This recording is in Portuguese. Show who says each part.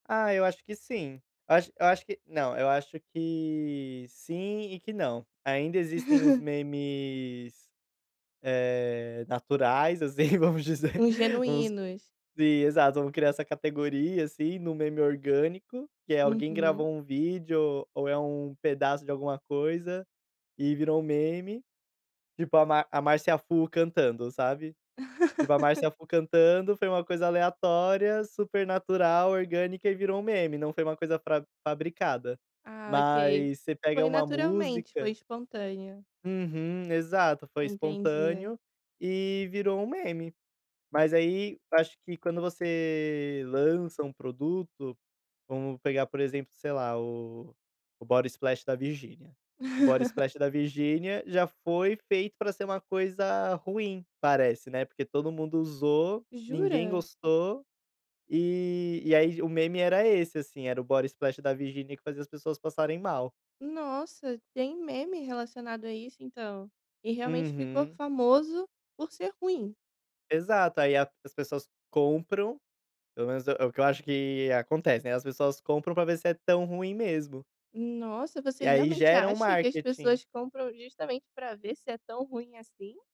Speaker 1: Ah, eu acho que sim, eu acho eu acho que não, eu acho que sim, e que não. Ainda existem os memes, eh, naturais, assim, vamos dizer
Speaker 2: Os genuínos.
Speaker 1: exato, criar essa categoria, assim, no meme orgânico, que é alguém,
Speaker 2: Uhum.
Speaker 1: gravou um vídeo ou é um pedaço de alguma coisa, e virou um meme. Tipo a ma a Márcia Fu cantando, sabe, tipo a Márcia Fu cantando, foi uma coisa aleatória, super natural, orgânica e virou um meme, não foi uma coisa fra fabricada.
Speaker 2: Ah, ok.
Speaker 1: Mas você pega
Speaker 2: Foi
Speaker 1: uma
Speaker 2: naturalmente, foi
Speaker 1: música
Speaker 2: espontânea.
Speaker 1: Uhum. Exato, foi
Speaker 2: Entendi.
Speaker 1: espontâneo, e virou um meme. Mas aí, acho que, quando você lança um produto, vamos pegar por exemplo, sei lá, o Body Splash da Virgínia. O Body Splash da Virgínia, já foi feito pra ser uma coisa ruim, parece, né, porque todo mundo usou, ninguém
Speaker 2: Jura?
Speaker 1: gostou, e e aí o meme era esse, assim, o da Virgínia que fazia as pessoas passarem mal.
Speaker 2: Nossa, tem meme relacionado, a isso então. E realmente, ficou
Speaker 1: Uhum.
Speaker 2: famoso por ser ruim?
Speaker 1: Exato, aí a as pessoas compram, pelo menos é o que eu acho, que acontece, né, as pessoas compram, pra ver se é tão ruim mesmo.
Speaker 2: Nossa, você
Speaker 1: E aí,
Speaker 2: realmente
Speaker 1: geram o
Speaker 2: acha, que as
Speaker 1: marketing.
Speaker 2: pessoas, compram justamente, pra ver se é tão ruim, assim?